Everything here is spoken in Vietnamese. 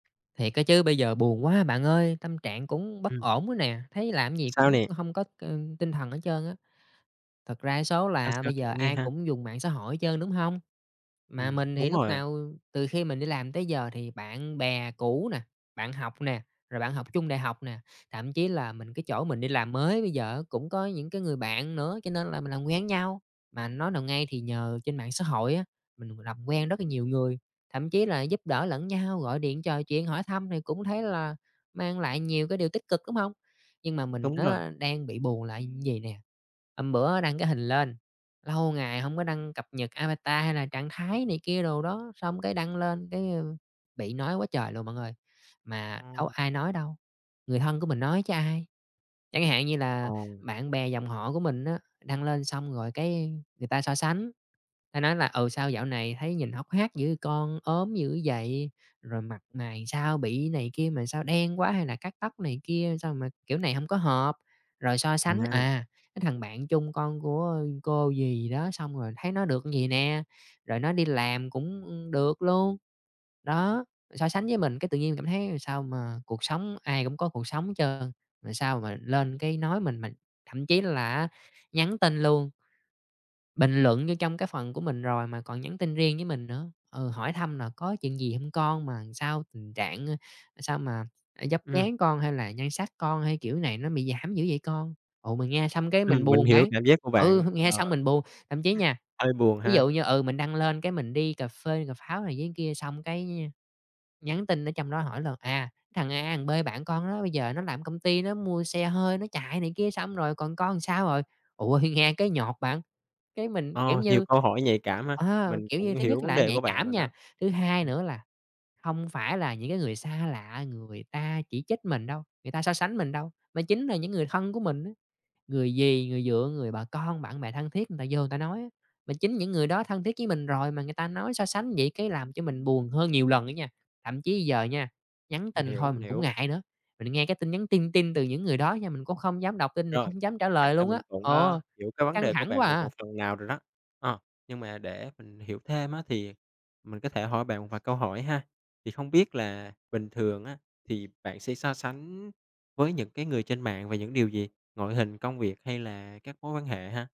Thiệt á chứ, bây giờ buồn quá bạn ơi, tâm trạng cũng bất Ừm. ổn quá nè, thấy làm cái gì Sao cũng nè? hông có, ưm, tinh thần hết trơn á. Thật ra cái số Sao, là sao? bây Kể giờ mình nghe ai ha. cũng dùng mạng xã hội hết trơn, đúng hông? Mà Ừm, mình thì đúng lúc rồi. nào, ừm, từ khi mình đi làm tới giờ thì bạn bè cũ nà, bạn học nè, rồi bạn học chung đại học nè, thậm chí là mình cái chỗ mình đi làm mới bây giờ á cũng có những cái người bạn nữa, cho nên là mình làm quen với nhau. Mà nói nào ngay thì nhờ trên mạng xã hội á, mình làm quen rất là nhiều người, thậm chí là giúp đỡ lẫn nhau, gọi điện trò chuyện hỏi thăm thì cũng thấy là mang lại nhiều cái điều tích cực, đúng hông? Nhưng mà mình Đúng rồi. á đang bị buồn là như vầy nè, hôm bữa á đăng cái hình lên, lâu ngày hông có đăng cập nhật avatar, hay là trạng thái này kia đồ đó, xong cái đăng lên cái, a, bị nói quá trời luôn bạn ơi. Mà đâu Ừm. ai nói đâu, người thân của mình nói chứ ai. Chẳng hạn như là Ồ. bạn bè dòng họ của mình á đăng lên xong rồi cái người ta so sánh, người ta nói là, ừ, "Sao dạo này thấy nhìn hốc hác dữ vậy con, ốm dữ vậy, rồi mặt mày làm sao bị này kia mà sao đen quá, hay là cắt tóc này kia sao mà kiểu này hổng có hợp." Rồi so sánh, [unintelligible] à, cái thằng bạn chung con của, a, cô dì gì đó xong rồi thấy nó được như vậy nè, rồi nó đi làm cũng, ưm, được luôn. Đó, so sánh với mình cái tự nhiên mình cảm thấy làm sao mà cuộc sống ai cũng có cuộc sống hết trơn, rồi sao mà lên cái nói mình mà thậm chí là á nhắn tin luôn. Bình luận vô trong cái phần của mình rồi mà còn nhắn tin riêng với mình nữa. Ừ, hỏi thăm là "Có chuyện gì hông con mà làm sao tình trạng, a, sao mà vóc Ừm. dáng con, hay là nhan sắc con hay kiểu này nó bị giảm dữ vậy con?" Ồ, mình nghe xong cái Ừm, mình mình buồn hiểu bạn, cảm giác của ừ, bạn. nghe Ờ. xong mình buồn. Thậm chí nha, Hơi buồn ví ha. dụ như, ừ, mình đăng lên cái mình đi cà phê cà pháo này với kia xong cái, a, nhắn tin ở trong đó hỏi là, à, "Cái thằng A thằng B bạn con đó bây giờ nó làm ở công ty nó mua xe hơi nó chạy này kia, xong rồi còn con làm sao rồi?" Ủa, thì nghe cái nhột bạn, cái mình, kiểu Ờ, nhiều như, câu hỏi nhạy cảm ha. ờ, Mình kiểu cũng như, thứ hiểu nhất vấn là nó đề nhạy của bạn cảm rồi đó. nha, thứ hai Ừm. nữa là hông phải là những cái người xa lạ người ta chỉ trích mình đâu, người ta so sánh mình đâu, mà chính là những người thân của mình đó. Người dì, người dượng, người bà con, bạn bè thân thiết người ta vô người ta nói á. Mà chính những người đó thân thiết với mình rồi mà người ta nói so sánh vậy, cái làm cho mình buồn hơn nhiều lần nữa nha, thậm chí giờ nha, nhắn Mình tin hiểu, thôi mình mình cũng hiểu. ngại nữa. Mình nghe cái tin nhắn tin tin từ những người đó nha, mình cũng không dám đọc tin, mình cũng Rồi. không dám trả Chắc lời là luôn á. mình cũng, a, Ừ. hiểu cái vấn Căng đề của thẳng quá bạn được một à! phần nào rồi đó. Ờ. Nhưng mà để mình hiểu thêm á thì mình có thể hỏi bạn một vài câu hỏi ha. Thì không biết là bình thường á thì bạn sẽ so sánh với những cái người trên mạng về những điều gì, ngoại hình, công việc hay là các mối quan hệ ha?